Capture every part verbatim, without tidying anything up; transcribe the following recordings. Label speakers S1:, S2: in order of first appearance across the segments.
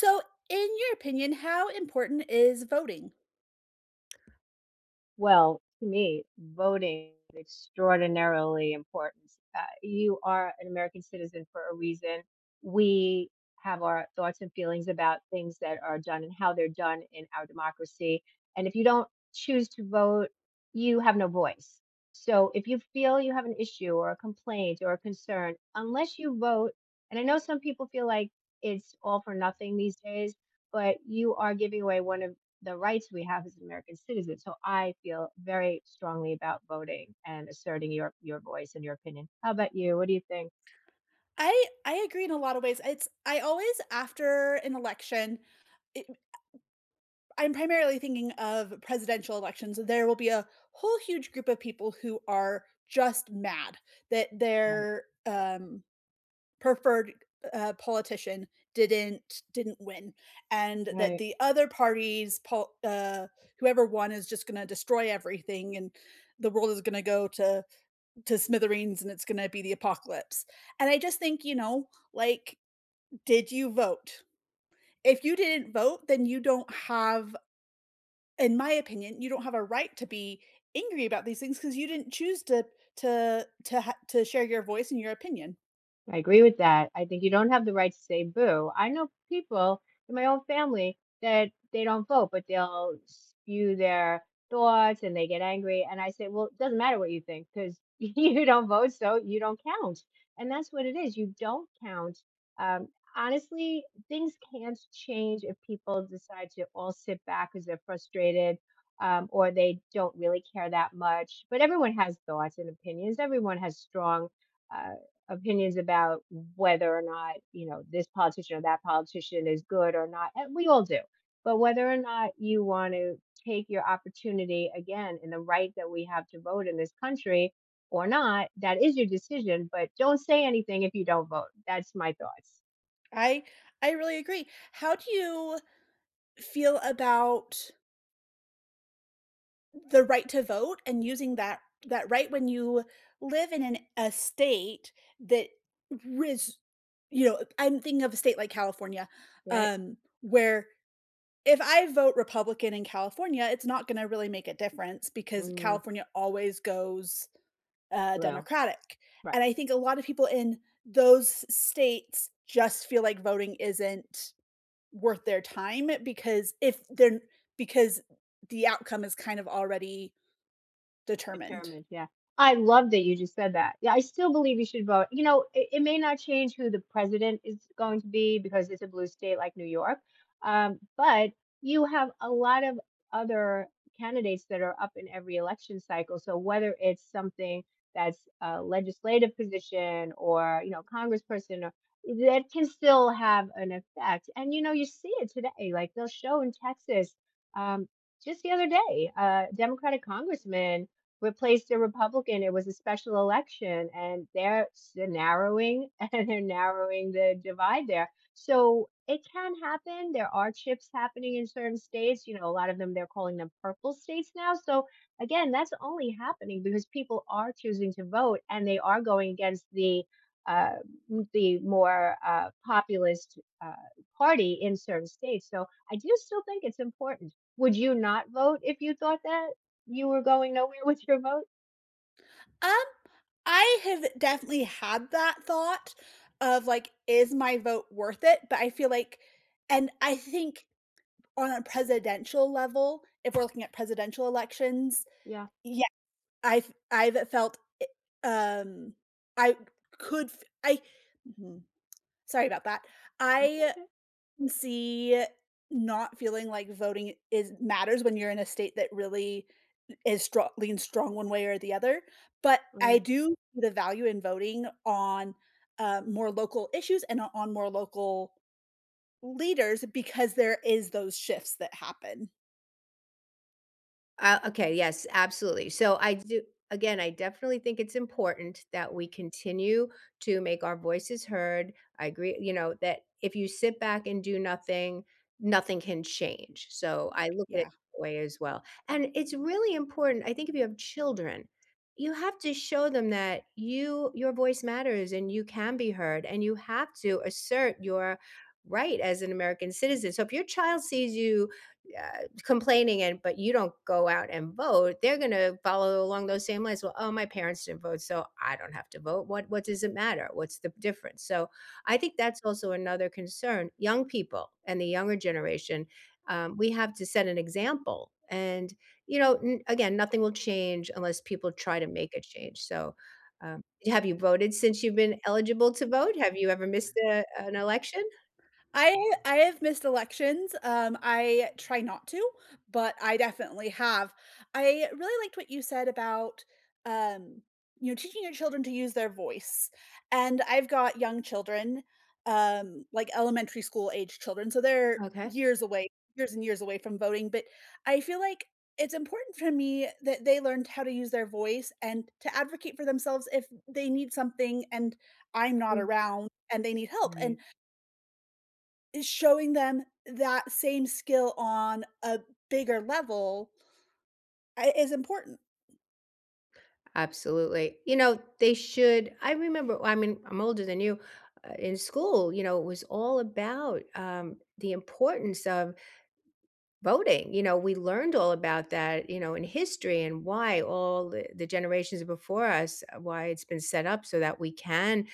S1: So, in your opinion, how important is voting?
S2: Well, to me, voting extraordinarily importance, ah, you are an American citizen for a reason. We have our thoughts and feelings about things that are done and how they're done in our democracy, and if you don't choose to vote, you have no voice. So, if you feel you have an issue or a complaint or a concern, unless you vote and I know some people feel like it's all for nothing these days, but you are giving away one of the rights we have as an American citizen. So, I feel very strongly about voting and asserting your your voice and your opinion. How 'bout you? What do you think?
S1: I I agree in a lotta ways. It's I always after an election, it eh I'm primarily thinking of presidential elections. There will be a whole huge group of people who are just mad that
S2: Right.
S1: their, um, preferred, u uh, politician didn't didn't win and that
S2: Right.
S1: the other parties pol uh, whoever won is just gonna destroy everything, and the world is gonna go to to smithereens, and it's gonna be the apocalypse. And I just think, you know, like, "Did you vote? If you didn't vote, then you don't have" in my opinion, you don't have a right to be angry about these things, 'cause you didn't choose to to to ha to share your voice and your opinion.
S2: I agree with that, I think you don't have the right to say boo. I know people in my own family that they don't vote, but they'll spew their thoughts and they get angry, and I say, “Well, it doesn't matter what you think 'cause you don't vote so you don't count,” and that's what it is, you don't count. Um, honestly, things can't change if people decide to all sit back 'cause they're frustrated, um, or they don't really care that much, but everyone has thoughts and opinions, everyone has strong, uh, opinions about whether or not, you know, this politician or that politician is good or not, and we all do, but whether or not you wanna take your opportunity again in the right that we have to vote in this country or not, that is your decision, but don't say anything if you don't vote, that's my thoughts.
S1: I I really agree, how do you feel about the right to vote and using that that right when you live in an a state that risk you know, I'm thinking of a state like California,
S2: Right.
S1: um, where if I vote Republican in California, it's not gonna really make a difference because
S2: Mm.
S1: California always goes, uh,
S2: Well,
S1: Democratic,
S2: right.
S1: and I think a lot of people in those states just feel like voting isn't worth their time because if they're n because the outcome is kind of already determined.
S2: Determined, yeah, I love that you just said that, yeah, I still believe we should vote. You know, it it may not change who the president is going to be because it's a blue state like New York, uh, but you have a lot of other candidates that are up in every election cycle, so whether it's something that's a legislative position or, you know, Congressperson or that can still have an effect and, you know, you see it today eh, like, they'll show in Texas, um, just the other day, uh, Democratic Congressman replaced a Republican, it was a special election, and they are sh they're narrowing and narrowing the divide there. So, it can happen, there are chips happening in certain states, you know, a lot of them, they're calling them purple states now, so, again, that's only happening because people are choosing to vote, and they are going against the uh, mm, the more, uh, populist, uh, party in certain states, so I do still think it's important. Would you not vote if you thought that you were going nowhere with your vote?
S1: Um, I have definitely had that thought of, like, "Is my vote worth it?" But I feel like and I think on a presidential level, if we're looking at presidential elections,
S2: Yeah.
S1: yes, I've I've felt, i um, I c could f I, mm sorry about that,
S2: It's
S1: I
S2: okay.
S1: see not feeling like voting is matters when you're in a state that really i is stro leans strong one way or the other, but I
S2: Right.
S1: do the value in voting on, uh, more local issues and o on more local leaders because there is those shifts that happen.
S2: Uh, okay, yes, absolutely, so, I do again, I definitely think it's important that we continue to make our voices heard. I agree, you know, that if you sit back and do nothing, nothing can change. So, I look at it
S1: Yeah.
S2: that way as well, and it's really important I think if you have children, you have to show them that you your voice matters, and you can be heard, and you have to assert your right as an American citizen. So, if your child sees you, uh, complaining and but you don't go out and vote, they're gonna follow along those same lines, "Well, oh, my parents didn't vote, so I don't have to vote. What what does it matter? What's the difference?" So, I think that's also another concern. Young people and the younger generation, um, we have to set an example, and, you know, n again, nothing will change unless people try to make a change. So, um, have you voted since you've been eligible to vote? Have you ever missed, uh, an election?
S1: I I have missed elections, um, I try not to, but I definitely have. I really liked what you said about, um, you know, teaching your children to use their voice. And I've got young children, um, like elementary school-aged children, so they're
S2: Okay.
S1: years away, years and years away from voting, but I feel like it's important for me that they learned how to use their voice and to advocate for themselves if they need something and I'm not
S2: Mm.
S1: around and they need help, and
S2: Right.
S1: eh, showing them that same skill on a bigger level I is important.
S2: Absolutely. You know, they should I remember oh, I mean, I'm older than you uh, in school, you know, it was all about, um, the importance of voting. You know, we learned all about that, you know, in history and why all, eh, the generations before us, why it's been set up so that we can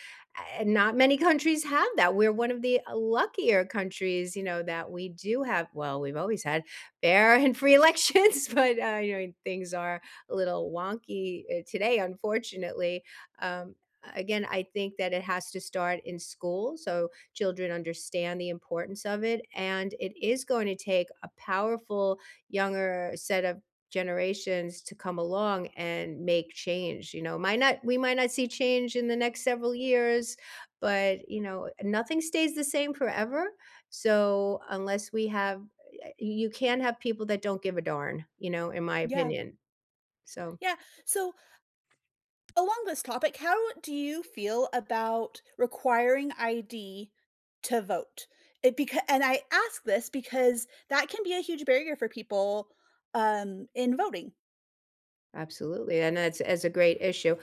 S2: eh, not many countries have that. We're one of the luckier countries, you know, that we do have well, we've always had fair and free elections, but, uh, yeah, things are a little wonky, uh, today, unfortunately. Um, a again, I think that it has to start in school, so, children understand the importance of it, and it is going to take a powerful younger set of generations to come along and make change, you know. Might not we might not see change in the next several years, but, you know, eh nothing stays the same forever. So, unless we have eh I you can't have people that don't give a darn, you know, in my
S1: Yeah.
S2: opinion. So
S1: Yeah. So along this topic, how do you feel about requiring ID to vote? It becau and I ask this because that can be a huge barrier for people, um, in voting.
S2: Absolutely, and that's that's a great issue.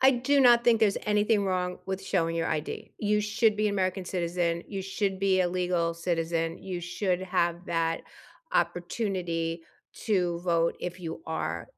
S2: I do not think there's anything wrong with showing your ID. You should be an American citizen. You should be a legal citizen. You should have that opportunity to vote if you are,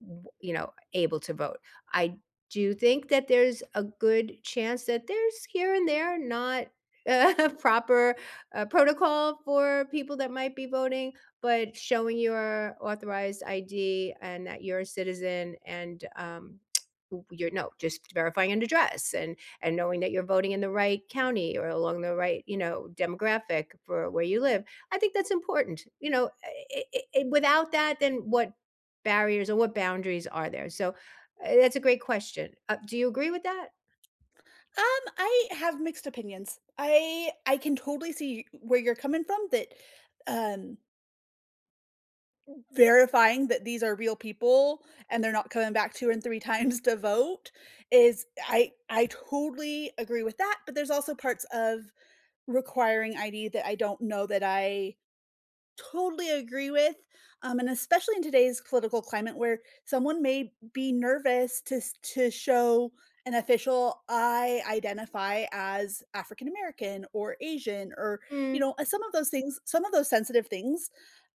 S2: w you know, able to vote. I do think that there's a good chance that there's here and there not, uh, proper, uh, protocol for people that might be voting, but showing your authorized ID, and that you're a citizen, and, um, w you’re no just verifying an address, and and knowing that you're voting in the right county or along the right, you know, demographic for where you live, I think that's important. You know? Uh, eh eh eh, without that, then what barriers or what boundaries are there? So, eh, that's a great question. Uh, do you agree with that?
S1: Um, I have mixed opinions. I I can totally see e where you're coming from that, um verifying that these are real people and they're not coming back two and three times to vote is I I totally agree with that, but there's also parts of requiring ID that I don't know that I totally agree with, um, and especially in today's political climate where someone may be nervous to s to show an official, "I identify as African American, or Asian," or, you
S2: Mm.
S1: know, uh, some of those things some of those sensitive things,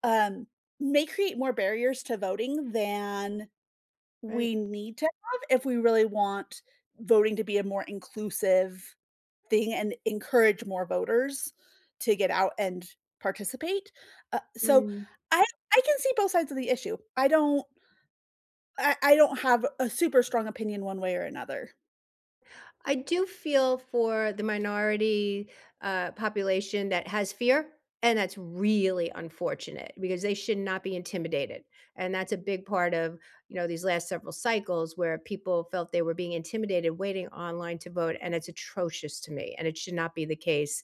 S1: um, may create more barriers to voting than
S2: Right.
S1: we need to have if we really want voting to be a more inclusive thing and encourage more voters to get out and participate. Uh so,
S2: Mm.
S1: I I can see both sides of the issue. I don't I I don't have a super strong opinion one way or another.
S2: I do feel for the minority, uh, population that has fear, and that's really unfortunate because they should not be intimidated, and that's a big part of, you know, these last several cycles where people felt they were being intimidated waiting online to vote, and it's atrocious to me, and it should not be the case.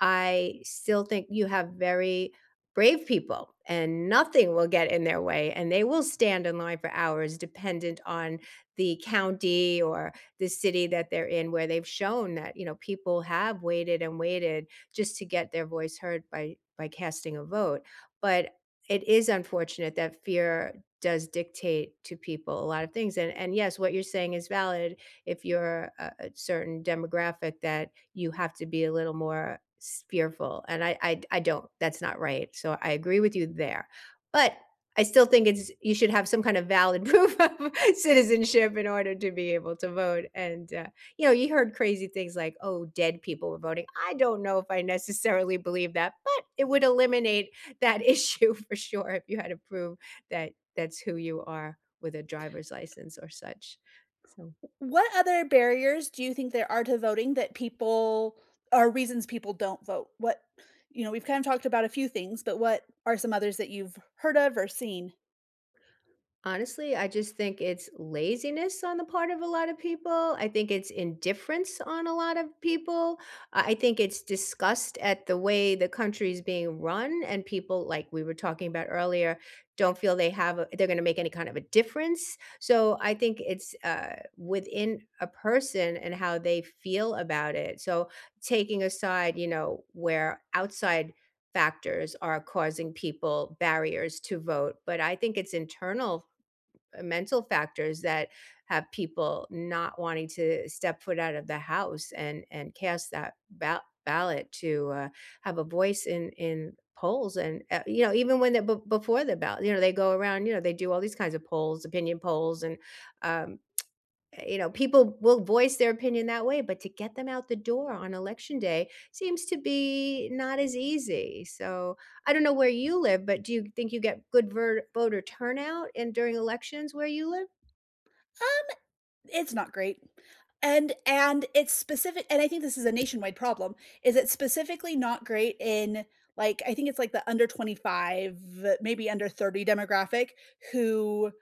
S2: I still think you have very brave people, and nothing will get in their way, and they will stand in line for hours, dependent on the county, or the city, that they're in where they've shown that, you know, people have waited and waited just to get their voice heard by by casting a vote. But it is unfortunate that fear does dictate to people a lot of things, and and, yes, what you're saying is valid if you're, uh, a certain demographic that you have to be a little more s fearful, and I I d I don't that's not right, so, I agree with you there. But, I still think it's you should have some kind of valid proof of citizenship in order to be able to vote, and, uh, you know, you heard crazy things like, "Oh, dead people were voting." I don't know if I necessarily believe that, but it would eliminate that issue for sure if you had to prove that that's who you are with a driver's license or such, so
S1: W what other barriers do you think there are to voting that people or reasons people don't vote? What you know, we've kind talked about a few things, but what are some others that you've heard of, or seen?
S2: Honestly? I just think it's laziness on the part of a lot of people. I think it's indifference on a lot of people. I I think it's disgust at the way the country is being run and people, like, we were talking about earlier, don't feel they have, uh they're gonna make any kind of a difference. So, I think it's, uh, within a person and how they feel about it. So, taking aside, you know, where outside factors are causing people barriers to vote. But I think it's internal, uh, mental factors that have people not wanting to step foot out of the house and and cast that ba ballot to, uh, have a voice in in polls, and, uh, you know, even when the be before the ballot, you know, they go around, you know, they do all these kinds of polls, opinion polls, and, um, eh, you know, people will voice their opinion that way, but to get them out the door on election day seems to be not as easy, so I don't know where you live, but do you think you get good ver voter turnout in during elections where you live?
S1: Um, it's not great. And and it's specifi and I think this is a nationwide problem. Is it specifically not great in, like, I think it's, like, the under twenty-five, maybe under thirty demographic, who,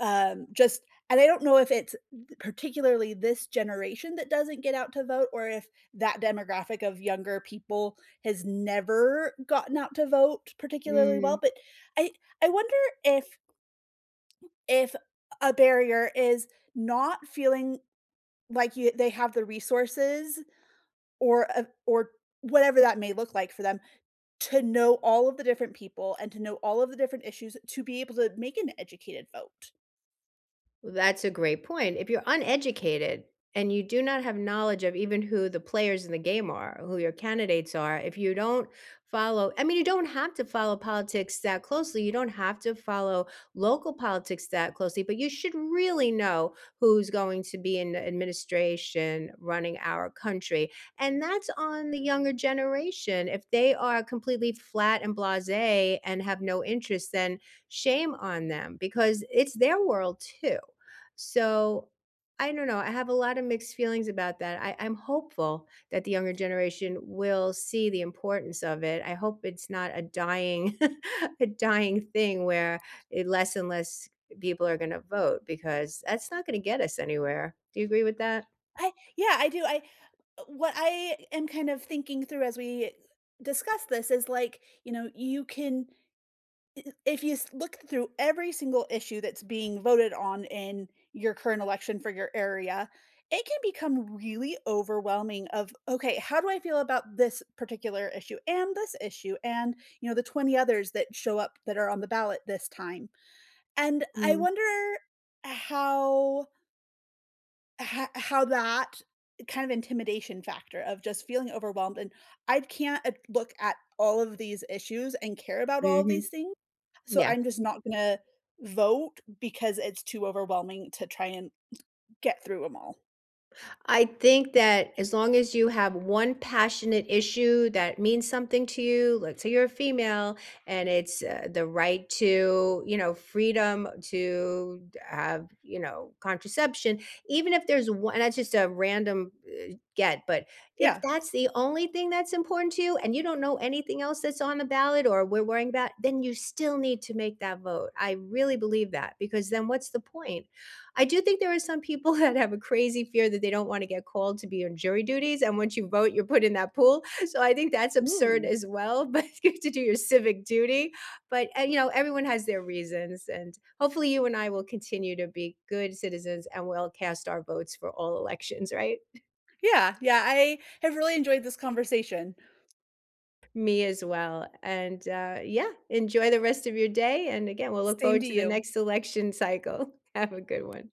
S1: u um, just and I don't know if it's b particularly this generation that doesn't get out to vote or if, that demographic of younger people has never gotten out to vote particularly well,
S2: Mm.
S1: but I I wonder if if a a barrier is not feeling like you they have the resources or of or whatever that may look like for them, to know all of the different people and to know all of the different issues to be able to make an educated vote.
S2: That's a great point. If you're uneducated and you do not have knowledge of even who the players in the game are, who your candidates are, if you don't follow I mean, you don't have to follow politics that closely, you don't have to follow local politics that closely, but you should really know who's going to be in the administration running our country. And that's on the younger generation, if they are completely flat and blase, and have no interest then, shame on them, because it's their world too. So, I don't know. I have a lotta mixed feelings about that. I I'm hopeful that the younger generation will see the importance of it. I hope it's not a dying a dying thing where, eh, less and less people are gonna vote because that's not gonna get us anywhere. Do you agree with that?
S1: I yeah, I do I eh, what I am kind of thinking through as we, eh, discuss this is, like, you know, you can i i if you s look through every single issue that's being voted on in your current election for your area, it can become really overwhelming of, "Okay, how do I feel about this particular issue? And this issue and" you know, the twenty others that show up that are on the ballot this time. And I
S2: Mhm.
S1: wonder how ho how that, kind of intimidation factor of just feeling overwhelmed. And I can't at look at all of these issues and care about all
S2: Mhm.
S1: these things, so
S2: Yeah.
S1: I'm just not gonna vote because it's too overwhelming to try and get through ‘em all.
S2: I think that as long as you have one passionate issue that means something to you, let's say you're a female, and it's, uh, the right to, you know, freedom to have, you know, contraception, even if there's o and that's just a random, eh, get but, if
S1: Yeah.
S2: that's the only thing that's important to you, and you don't know anything else that's on the ballot or we're wearing that, then you still need to make that vote. I really believe that, because then what's the point? I do think there are some people that have a crazy fear that they don't wanna get called to be on jury duties, and once you vote, you're put in that pool. So, I think that's absurd
S1: Ooh.
S2: as well, but you have to do your civic duty. But and you know, everyone has their reasons, and, hopefully, you and I will continue to be good citizens, and we'll cast our votes for all elections, right?
S1: Yeah, yeah. I have really enjoyed this conversation.
S2: Me as well. And, uh, yeah, enjoy the rest of your day and, again, we'll look
S1: Same
S2: forward
S1: to
S2: to the
S1: you.
S2: next election cycle. Have a good one.